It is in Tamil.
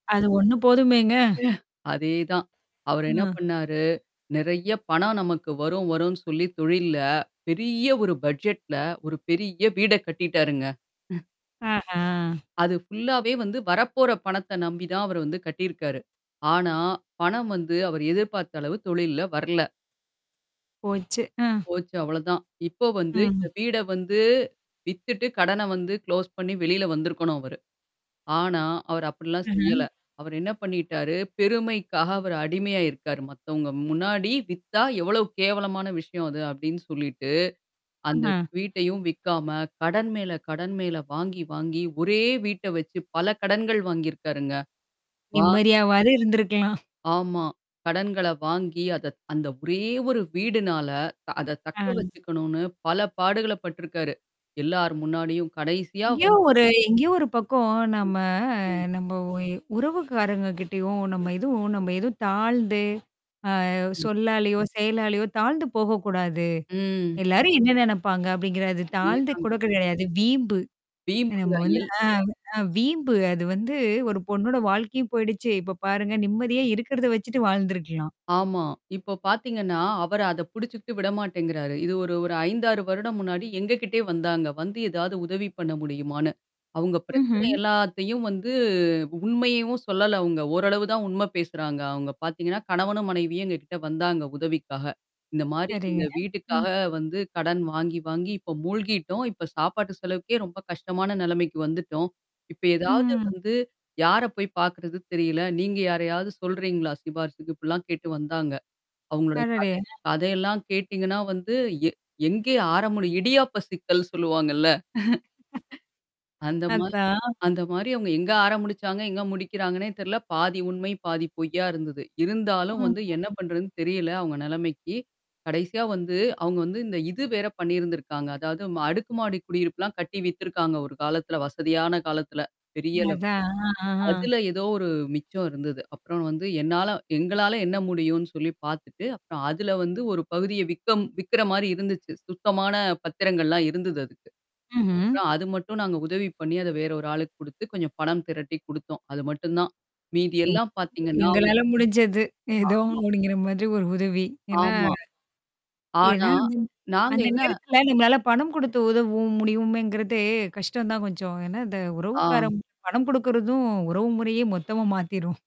அது ஒண்ணு போதுமேங்க? அதேதான். அவரு என்ன அ. பண்ணாரு, நெறைய பணம் நமக்கு வரும் வரும்னு சொல்லி தொழில்ல, பெரிய ஒரு பட்ஜெட்ல ஒரு பெரிய வீட கட்டிட்டாருங்க. ம். ஆஹ. அது ஃபுல்லாவே வந்து வரப்போற பணத்த நம்பி தான் அவர் வந்து கட்டியிருக்காரு. ஆனா, பணம் வந்து அவர் எதிர்பார்த்த அளவு தொழில்ல வரல. போச்சு. அ. போச்சு. அவ்ளதான். இப்போ வந்து இந்த ம். வீட வந்து, வித்துட்டு கடன வந்து குளோஸ் பண்ணி வெளில வந்திருக்கணும் அவரு. ஆனா, அவர் அப்பிடிலாம் ம்ஹ்ம். செய்யல. அவர் என்ன பண்ணிட்டாரு, பெருமைக்காக அவர் அடிமையா இருக்காரு. மத்தவங்க முன்னாடி வித்தா, எவ்வளவு கேவலமான விஷயம் அது அப்பிடின்னு சொல்லிட்டு, அந்த ஆஹ. வீட்டையும் விக்காம, கடன் மேல கடன் மேல வாங்கி வாங்கி ஒரே வீட்ட வச்சு பல கடன்கள் வாங்கியிருக்காருங்க. வா நிம்மதியாவாது இருந்திருக்கலாம். ஆமா. கடன்கள வாங்கி, அத அந்த ஒரே ஒரு வீடுனால த அத தக்க அ. வச்சுக்கணுன்னு பல பாடுகள பட்டுருக்காரு. எல்லார் முன்னாடியும் கடைசியா எங்கேயோ வந்து ஒரு எங்கேயோ ஒரு பக்கம் ம். நம்ம ம். நம்ம ஒ எ உறவுக்காரங்க கிட்டயும் ம். நம்ம எதுவும் நம்ம எதுவும் தாழ்ந்து, அ ம் சொல்லாலயோ, செயலாலயோ, தாழ்ந்து போகக்கூடாது. ம். எல்லாரும் என்ன நினப்பாங்க அப்பிடிங்கிறத அதே தாழ்ந்து தாங்க. கூட கிடையாது. அது வீம்பு. வீம்புங்க. நம்ம வந்து எல் ஆ, அ வீம்பு. அது வந்து ஒரு பொண்ணோட வாழ்க்கையும் போயிடுச்சு. இப்ப பாருங்க நிம்மதியா இருக்கிறத வச்சுட்டு வாழ்ந்துருக்கலாம். ஆமா. இப்போ பார்த்தீங்கன்னா, அவரு அத புடிச்சுக்கிட்டு விடமாட்டேங்கிறாரு. இது ஒரு ஒரு 5, 6 வருடம் முன்னாடி, எங்கக்கிட்டயே வந்தாங்க. வந்து ஏதாவது உதவி பண்ண முடியுமான்னு. அவுங்க பிரச்சனை ம்ஹ்ம். எல்லாத்தையும் வந்து உண்மையையும் சொல்லல அவுங்க. ஓரளவு தான் உண்ம பேசுறாங்க. அவுங்க பார்த்தீங்கன்னா, கணவனும் மனைவியும் எங்கக்கிட்ட வந்தாங்க உதவிக்காக. இந்தமாரி இந்த சரிங்க. ம். வீட்டுக்காக வந்து கடன் வாங்கி, வாங்கி இப்ப மூழ்கிட்டோம். இப்ப சாப்பாட்டு செலவுக்கே ரொம்ப கஷ்டமான நிலைமைக்கு வந்துட்டோம். இப்ப ஏதாவது ம். வந்து யார போய் பார்க்கறது? தெரியல. நீங்க யாரையாவது சொல்றீங்களா, சிபாரிசுக்கு? இப்பிடிலாம் கேட்டு வந்தாங்க. அவுங்களுடைய கத அடடே! அ கதையெல்லாம் கேட்டீங்கன்னா வந்து, எ எங்கே ஆரம்பிக்கிது இடியாப்ப சிக்கல்ன்னு சொல்லுவாங்கல்ல. அ. அந்த மா அதுதான். அந்தமாரி அவுங்க எங்க ஆரம்பிச்சாங்க, எங்க முடிக்கிறாங்கன்னே தெரியல. பாதி உண்மை, பாதி பொய்யா இருந்தது. இருந்தாலும் வந்து என்ன ம்ஹ்ம். பண்றதுன்னு தெரியல அவுங்க நெலைமைக்கு. கடைசியா வந்து அவுங்க வந்து, இந்த இது வேற பண்ணியிருந்திருக்காங்க. அதாவது அடுக்குமாடி குடியிருப்புலாம் கட்டி வித்திருக்காங்க ஒரு காலத்தில. வசதியான காலத்துல பெரிய அளவு. அதான். ஆ, ஆஹ. அதுல ஏதோ ஒரு மிச்சம் இருந்தது. அப்புறம் வந்து என்னால எங்களால என்ன முடியும்ன்னு சொல்லி பார்த்துட்டு, அப்புறம் அதுல வந்து ஒரு பகுதிய விக்க விக்கிறமாரி இருந்துச்சு. சுத்தமான பத்திரங்கள்லாம் இருந்தது அதுக்கு. ம்ஹ்ம். அப்புறம் அது மட்டும் நாங்க உதவி பண்ணி, அத வேற ஒரு ஆளுக்கு குடுத்து கொஞ்சம் பணம் திரட்டி குடுத்தோம். அது மட்டும் தான். மீதி எங் எல்லாம் பார்த்தீங்கன்னா எங்களால முடிஞ்சது. ஏதோ ஆமா. அப்பிடிங்கிற மாதிரி ஒரு உதவி. ஏன்னா ஆமா. ஏன்னா ஆனா, அது அந்த நாங்க அந்த என்ன நேரத்துல நம்மளால பணம் குடுத்து உதவும் முடியுமேங்கிறதே கஷ்டம் தான் கொஞ்சம். ஏன்னா, இந்த உறவுக்கார ஆம். பணம் குடுக்குறதும் உறவு முறையே மொத்தமா மாத்திரும்.